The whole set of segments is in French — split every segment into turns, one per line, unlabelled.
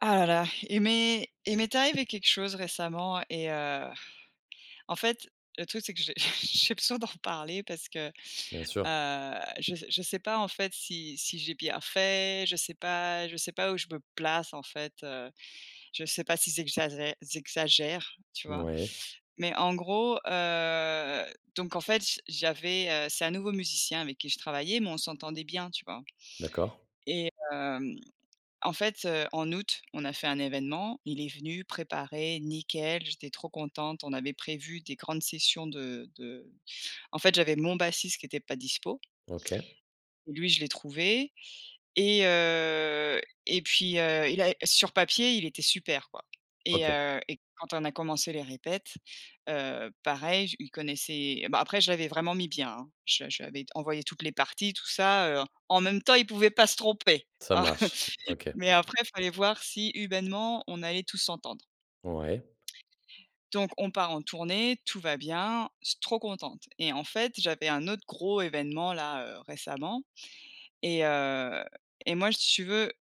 Ah là là. Il m'est il m'est arrivé quelque chose récemment et heu, en fait, le truc c'est que j'ai j'ai besoin d'en reparler parce que, heu,
Bien sûr.
je s je sais pas, en fait, si si j'ai bien fait, je sais pas je sais pas où je me place en fait, heu, je sais pas si j'exagère j'exagère, tu vois?
Ouais.
Mais en gros, heu, donc, en fait, j j'avais, heu, c'est un nouveau musicien avec qui je travaillais mais on s'entendait bien, tu vois?
D'accord.
et hem, en fait, heu, en août, on a fait un évènement, il est venu préparer, nickel, j'étais trop contente, on avait prévu des grandes sessions de de en fait, j'avais mon bassiste qui était pas dispo.
OK.
Lui, je l'ai trouvé et heu, et puis, heu, il a sur papier, il était super, quoi et
OK.
heu, et quand on a commencé les répètes, heu, pareil, je il connaissait bah, après je l'avais vraiment mis bien, hein, je lui je lui avais envoyé toutes les parties tout ça, heu, en même temps, il pouvait pas se tromper,
Ça
hein!
marche, OK.
Mais après fallait voir si humainement on allait tous s'entendre.
Ouais.
Donc on part en tournée, tout va bien, je suis trop contente et en fait, j'avais un autre gros évènement là, heu, récemment et heu et moi, si tu veux,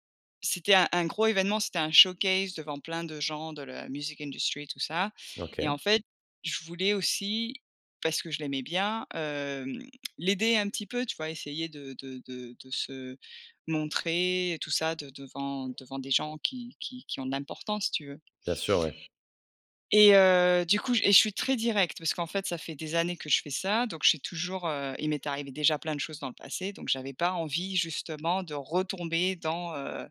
c'était un un gros évènement, c'était un showcase devant plein de gens de la music industry, tout ça et
OK.
en fait, je voulais aussi, parce que je l'aimais bien, hem, l'aider un petit peu, tu vois? Essayer de de de de se montrer et tout ça de devant devant des gens qui qui qui ont de l'importance si tu veux.
Bien sûr, oui.
Et heu, du coup et je suis très directe parce qu'en fait, ça fait des années que je fais ça donc j'ai toujours, heu, il m'est arrivé déjà plein de choses dans le passé donc j'avais pas envie justement de retomber dans, heu,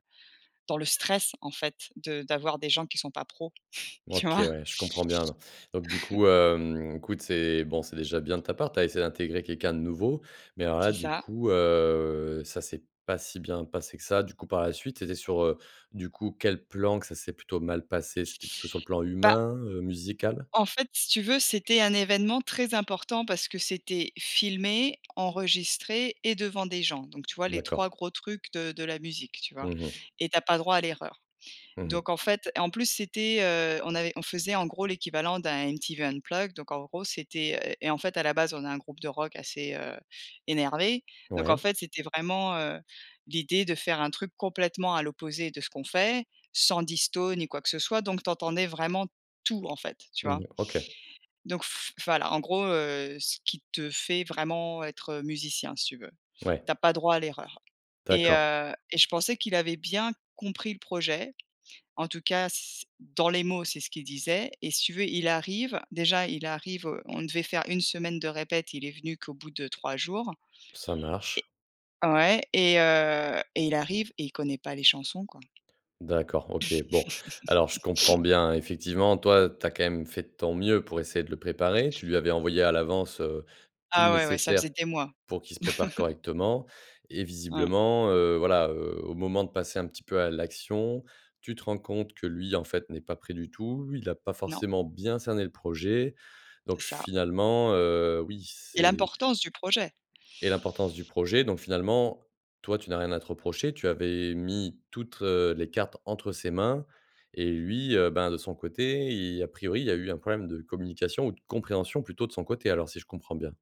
dans le stress en fait de d'avoir des gens qui sont pas pro, tu
OK,
vois?
ouais, je comprends bien, non. Donc du coup, hem, écoute, c'est, bon, c'est déjà bien de ta part, tu as essayé d'intégrer quelqu'un de nouveau mais alors là,
C'est
du
ça.
coup, heu, ça c'est pas si bien passé que ça du coup, par la suite, c'était sur, heu, du coup, quel plan que ça s'est plutôt mal passé? C'était plutôt sur le plan
Bah
humain, heu, musical?
en fait, si tu veux, c'était un évènement très important parce que c'était filmé, enregistré et devant des gens donc tu vois les 3
D'accord.
gros trucs de de la musique, tu vois?
Mmh mh.
Et tu as pas droit à l'erreur
Mmh mh.
donc, en fait et en plus, c'était, heu, on avait on faisait en gros l'équivalent d'un MTV Unplugged donc, en gros, c'était, heu, et en fait à la base on a un groupe de rock assez, heu, énervé donc en
Ouais.
fait c'était vraiment, heu, l'idée de faire un truc complètement à l'opposé de ce qu'on fait, sans disto ni quoi que ce soit donc tu entendais vraiment tout en fait, tu
Mmh
vois?
mh. OK.
Donc f voilà, en gros, heu, ce qui te fait vraiment être musicien si tu veux,
Ouais.
tu as pas droit à l'erreur et
D'accord.
heu, et je pensais qu'il avait bien compris le projet en tout cas c dans les mots, c'est ce qu'il disait et si tu veux, il arrive, déjà il arrive, heu, on devait faire une semaine de répètes, il est venu qu'au bout de 3 jours.
Ça
Et
marche.
ouais et heu, et il arrive et il connaît pas les chansons, quoi!
D'accord, OK, bon. Alors je comprends bien effectivement, toi, tu as quand même fait de ton mieux pour essayer de le préparer. Tu lui avais envoyé à l'avance, heu, tout le
Ah ouais, ouais, ça faisait
nécessaire
des mois.
pour qu'il se prépare correctement et
Ouais.
visiblement, heu, voilà, heu, au moment de passer un petit peu à l'action, tu te rends compte que lui, en fait, n'est pas prêt du tout, il a pas
Non.
forcément bien cerné le projet donc
C'est ça.
finalement, heu, oui,
Et
c'est
l'importance du projet!
Et l'importance du projet donc finalement, toi, tu n'as rien à te reprocher, tu avais mis toutes les cartes entre ses mains et lui, heu, ben de son côté, il a priori, il y a eu un problème de communication ou de compréhension plutôt de son côté alors si je comprends bien?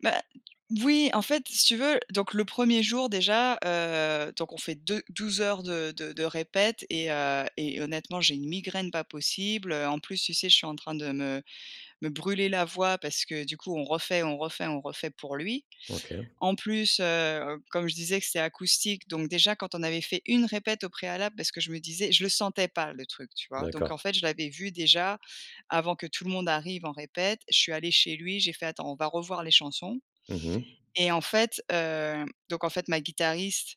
Bah, d voui en fait si tu veux donc le 1er jour déjà, heu, donc on fait deux douze heures de de de répète et heu et honnêtement j'ai une migraine pas possible, heu. En plus, tu sais? Je suis en train de me me brûler la voix parce que du coup on refait on refait on refait pour lui.
OK.
En plus, heu, comme je disais que c'était acoustique, donc déjà quand on avait fait 1 répète au préalable parce que je me disais je le sentais pas le truc, tu vois? Donc en
D'accord.
fait je l'avais vu déjà, avant que tout le monde arrive en répète, je suis allée chez lui, j'ai fait: «Attends on va revoir les chansons»
Mmh mh.
et en fait, hem donc en fait ma guitariste,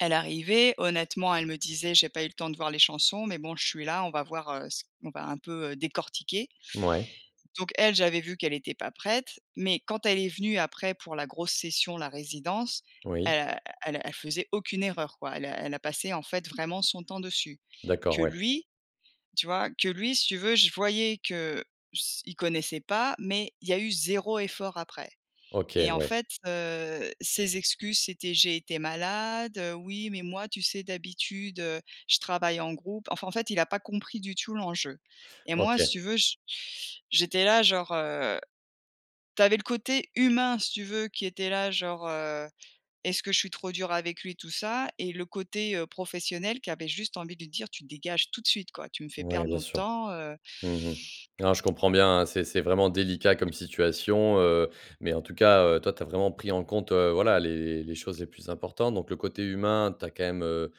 elle arrivait. Honnêtement elle me disait: «J'ai pas eu le temps de voir les chansons, mais bon je suis là on va voir, heu, c on va un peu, heu, décortiquer».
Mouais
Donc elle j'avais vu qu'elle était pas prête, mais quand elle est venue après pour la grosse session, la résidence.
Oui.
Elle a elle a elle faisait aucune erreur quoi. Elle a elle a passé en fait vraiment son temps dessus.
D'accord,
Que
ouais.
lui tu vois? Que lui si tu veux je voyais que s il connaissait pas, mais il y a eu 0 effort après
OK,
et en
ouais.
fait, heu, ses excuses c'était: «J'ai été malade, heu, oui mais moi tu sais? D'habitude, heu, je travaille en groupe». Enfin en fait il a pas compris du tout l'enjeu et moi si
OK.
tu veux j j'étais là genre, heu, tu avais le côté humain si tu veux qui était là genre, heu: «Est-ce que je suis trop dure avec lui?» et tout ça et le côté, heu, professionnel qui avait juste envie de lui dire: «Tu dégages tout de suite quoi. Tu me fais
Ouais,
perdre
bien
nos
sûr.
temps, heu».
Mmh mh. Non je comprends bien, hein. C'est c'est vraiment délicat comme situation, heu, mais en tout cas, heu, toi, tu as vraiment pris en compte, heu, voilà les les choses les plus importantes donc le côté humain, tu as quand même, heu,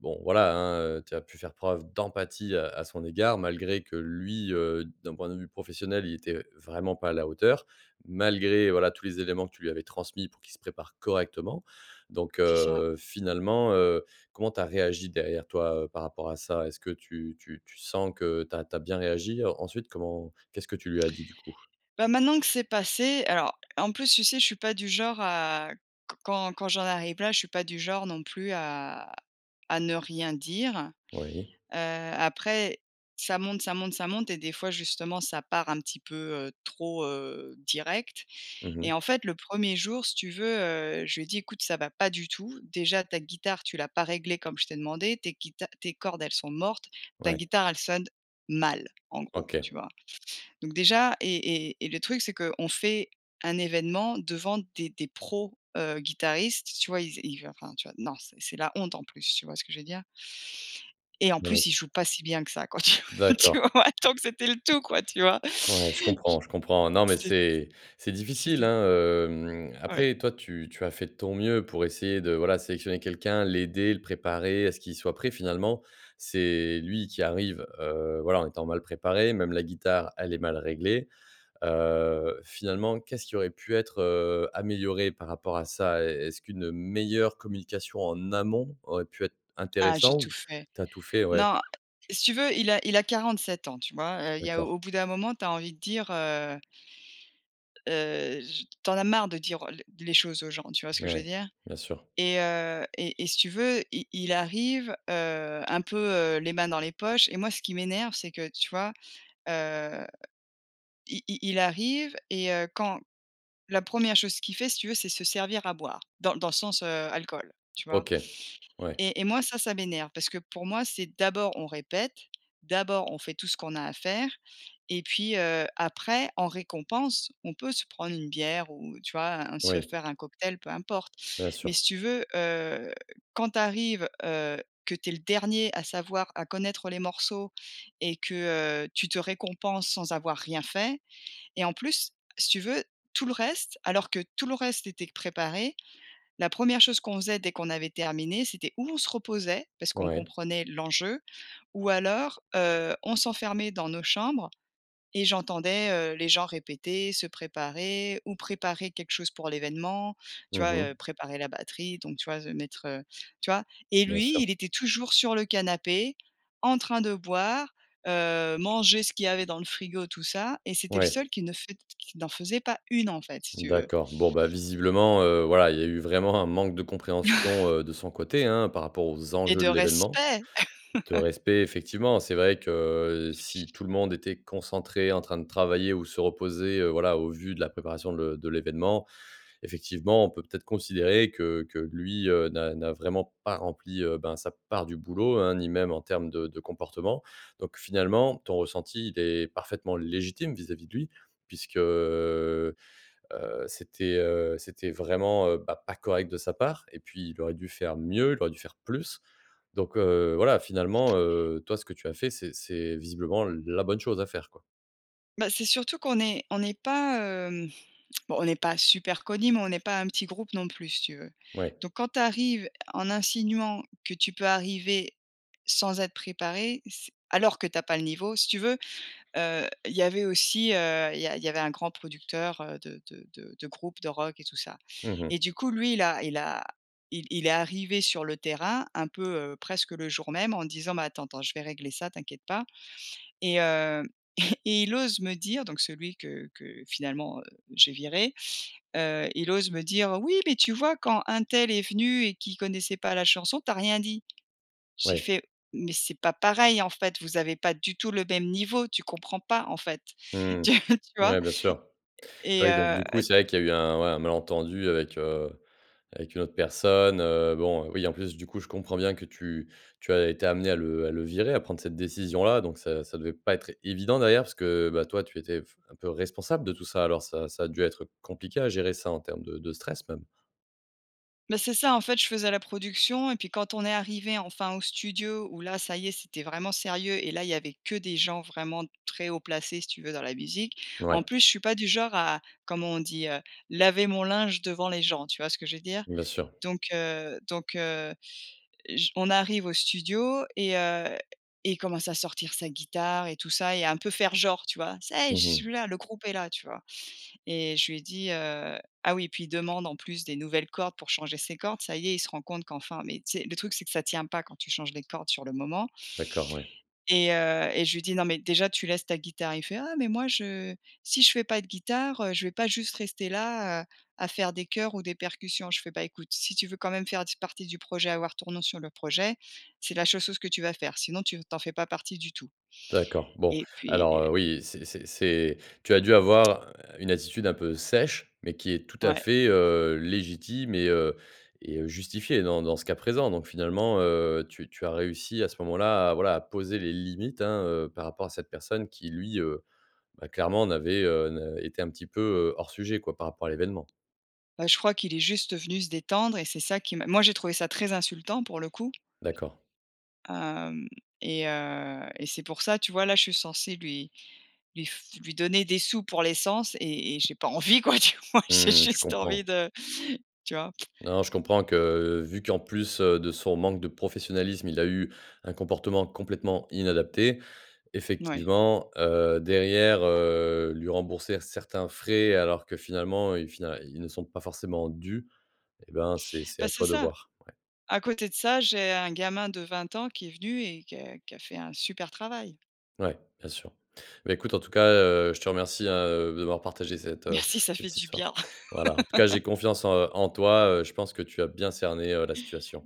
bon voilà, hein, heu, tu as pu faire preuve d'empathie, heu, à son égard. Malgré que lui, heu, d'un point de vue professionnel, il était vraiment pas à la hauteur, malgré voilà, tous les éléments que tu lui avais transmis pour qu'il se prépare correctement donc,
C'est ça.
heu, finalement, heu. Comment tu as réagi derrière toi, heu, par rapport à ça? Est-ce que tu tu tu sens que tu as tu as bien réagi? Ensuite comment, qu'est-ce que tu lui as dit du coup?
Bah, maintenant que c'est passé alors en plus tu sais? Je suis pas du genre à q quand quand j'en arrive là je suis pas du genre non plus à à ne rien dire.
Oui.
Heu, après ça monte ça monte ça monte et des fois justement ça part un petit peu, heu, trop, heu, direct
Mmh
et
mh.
en fait le 1er jour si tu veux, heu, je lui ai dis: «Écoute ça va pas du tout, déjà ta guitare tu l'as pas réglée comme je t'ai demandé. Tu es guita tes cordes elles sont mortes, ta
Ouais.
guitare elle sonne mal». En gros,
OK.
tu vois? Donc déjà et et et le truc c'est qu'on fait un évènement devant des des pros, heu, guitaristes tu vois? Il z il va enfin tu vois? Non c'est c'est la honte en plus, tu vois ce que je veux dire? Et en
Non mais
plus il
s
joue pas si bien que ça quoi, tu-tu
D'accord.
vois? Donc c'était le tout quoi, tu vois?
Ouais, je comprends, je comprends. Non mais
J c'ét c
c'est c'est difficile,
c'était
hein, hem,
Ouais.
après toi tu tu as fait de ton mieux, pour essayer de voilà, sélectionner quelqu'un, l'aider, le préparer à ce qu'il soit prêt finalement. C'est lui qui arrive, heu, voilà, en étant mal préparé, même la guitare, elle est mal réglée. Heu, finalement, qu'est-ce qui aurait pu être, heu, amélioré par rapport à ça? Est est-ce qu'une, heu, meilleure communication en amont aurait pu être
Ah j'ai
intéressant,
tout
ou
fait.
tu as tout fait, ouais.
Non, si tu veux il a il a 47 ans, tu vois? Heu, il y a
D'accord.
au bout d'un moment tu as envie de dire, heu heu, j tu en as marre de dire, heu, l les choses aux gens, tu vois ce que
Beh,
je veux
ouais.
dire?
Bien sûr.
Et heu et et si tu veux, i il arrive, heu, un peu, heu, les mains dans les poches et moi ce qui m'énerve c'est que, tu vois? Heu, i i il arrive et heu, quand la 1re chose qu'il fait si tu veux c'est se servir à boire. Dans l dans le sens, heu, alcool, tu vois?
OK, ouais.
Et et moi ça ça m'énerve, parce que pour moi c'est d'abord on répète, d'abord on fait tout ce qu'on a à faire et puis, heu, après en récompense, on peut se prendre une bière ou tu vois? Un se
Oui.
faire un cocktail peu importe
Bien
mais
sûr.
si tu veux, heu, quand tu arrives, heu, que tu es le dernier à savoir, à connaître, heu, les morceaux et que, heu, tu te récompenses sans avoir rien fait et en plus si tu veux tout le reste, alors que tout le reste c'était q préparé, la 1re chose qu'on faisait dès qu'on avait terminé, c'était ou on se reposait parce qu'on
Ouais.
comprenait l'enjeu, ou alors, heu, on s'enfermait dans nos chambres et j'entendais, heu, les gens répéter, se préparer, ou préparer quelque chose pour l'évènement, tu
Mmh
vois?
mh.
Heu, préparer la batterie donc tu vois? S mettre, heu, tu vois? Et
Bien
lui
sûr.
il était toujours sur le canapé en train de boire, heu, manger ce qu'il y avait dans le frigo tout ça et c'était le
Ouais.
seul qui ne faite qui n'en faisait pas une en fait si tu veux.
D'accord. Bon, bah, visiblement, heu, voilà, il y a eu vraiment un manque de compréhension, heu, de son côté, hein, par rapport aux
Et
enjeux
de
de l'événement.
respect.
De respect effectivement. C'est vrai que, heu, si tout le monde était concentré, en train de travailler ou se reposer. Heu, voilà, au vu de la préparation le de l'événement, effectivement, on peut peut-être considérer que que lui, heu, n'a n'a vraiment pas rempli, heu, ben sa part du boulot, hein. Ni même en termes de de comportement donc finalement ton ressenti, il est parfaitement légitime vis-à-vis de lui, puisque, heu, c'était, heu, c'était vraiment, heu, bah, pas correct de sa part et puis il aurait dû faire mieux, il aurait dû faire plus donc, heu, voilà finalement, heu, toi ce que tu as fait, c'est c'est visiblement, la bonne chose à faire quoi.
Bah, c'est surtout qu'on est on est pas hem, bon, on est pas super connus mais on est pas un petit groupe non plus si tu veux.
Ouais.
Donc quand tu arrives en insinuant que tu peux arriver, sans être préparé c'est alors que tu as pas le niveau, si tu veux, heu, il y avait aussi heu, il y a il y avait un grand producteur, heu, de de de de groupe de rock et tout ça.
Mmh mh.
Et du coup lui il a il a il il est arrivé sur le terrain un peu, heu, presque le jour même, en disant: «Mais attends, attends, je vais régler ça, t'inquiète pas» et hem, et il ose me dire donc celui que que finalement, heu, j'ai viré. Heu, il ose me dire: «Oui mais tu vois, quand untel est venu et qui connaissait pas la chanson tu as rien dit». J'ai
Ouais.
fait: «Mais c'est pas pareil, en fait, vous avez pas du tout le même niveau tu comprends pas en fait».
Mmh
Tu tu
mh.
vois?
Ouais, bien sûr.
Et et
Ouais, donc
heu
du coup, c'est vrai qu'il y a eu un, ouais, un malentendu avec, heu, avec une autre personne, heu, bon, oui, en plus du coup, je comprends bien que tu tu as été amenée à le à le virer, à prendre cette décision-là. Donc ça ça devait pas être évident d'ailleurs, parce que bah, toi tu étais f un peu responsable de tout ça, alors ça ça a dû être compliqué à gérer ça en terme de de stress même.
Mais c'est ça, en fait, je faisais la production, et puis quand on est arrivés enfin au studio où là, ça y est, c'était vraiment sérieux et là, il y avait que des gens vraiment très haut placés, si tu veux, dans la musique. En
Ouais.
plus, je suis pas du genre à comment on dit, heu? Laver mon linge devant les gens, tu vois ce que je veux dire?
Bien sûr.
Donc heu donc heu, j on arrive au studio et heu, et il commence à sortir sa guitare et tout ça, et un peu faire genre, tu vois? Ça y est,
Mmh
je
mh.
suis là! Le groupe est là, tu vois? Et je lui ai dit, heu ah oui, et puis, il demande en plus, des nouvelles cordes pour changer ses cordes. Ça y est, il se rend compte qu’enfin, mais tu sais, le truc, c'est que ça tient pas quand tu changes les cordes sur le moment
D'accord, ouais.
et heu, et je lui dit: «Non, mais déjà, tu laisses ta guitare». Il fait: «Ah mais moi, je si je fais pas de guitare, heu, je vais pas juste rester là, heu, à faire de choeurs ou des percussions». Je fais: «Bah, écoute, si tu veux quand même faire d partie du projet, avoir ton nom sur le projet, c’est la seule chose que tu vas faire sinon tu n tu en fais pas partie du tout»
D'accord, bon!
et puis
Alors, heu,
heu
oui, c'est c'est c’est tu as dû avoir une attitude un peu sèche, mais qui est tout à
Ouais.
fait, heu, légitime et heu et heu, justifiée dans dans ce cas présent. Donc finalement, heu, tu tu as réussi, à ce moment-là, à, voilà, à poser les limites, hein, heu, par rapport à cette personne qui, lui, heu, bah, clairement n'avait, heu, n'a était un petit peu, heu, hors sujet, quoi, par rapport à l'événement.
Bah, je crois qu'il est juste venu se détendre et c'est ça qui m moi j'ai trouvé ça très insultant, pour le coup!
D'accord.
Hem et heu et c'est pour ça, tu vois, là, je suis censée lui lui f lui donner des sous pour l'essence, et et j'ai pas envie, quoi, tu vois? J'ai
Mmh mh, je
juste envie
comprends.
de, tu vois?
Non, je comprends que, vu qu'en plus, heu, de son manque de professionnalisme, il a eu un comportement complètement inadapté,
Ouais.
effectivement, heu, derrière, heu, lui rembourser certains frais alors que finalement, heu, fina ils ne sont pas forcément dûs. Et ben, c'est c'est
Ben,
à
c'est
toi de
ça!
voir, ouais.
À côté de ça, j'ai un gamin de 20 ans qui est venu et que qui a fait un super travail.
Ouais, bien sûr! Bah, écoute, en tout cas, heu, je te remercie, hein, heu, d'avoir partagé cette, heu
Merci, ça fait
cette
du
histoire.
bien!
Voilà! En tout cas, j'ai confiance en, heu, en toi, heu, je pense que tu as bien cerné, heu, la situation.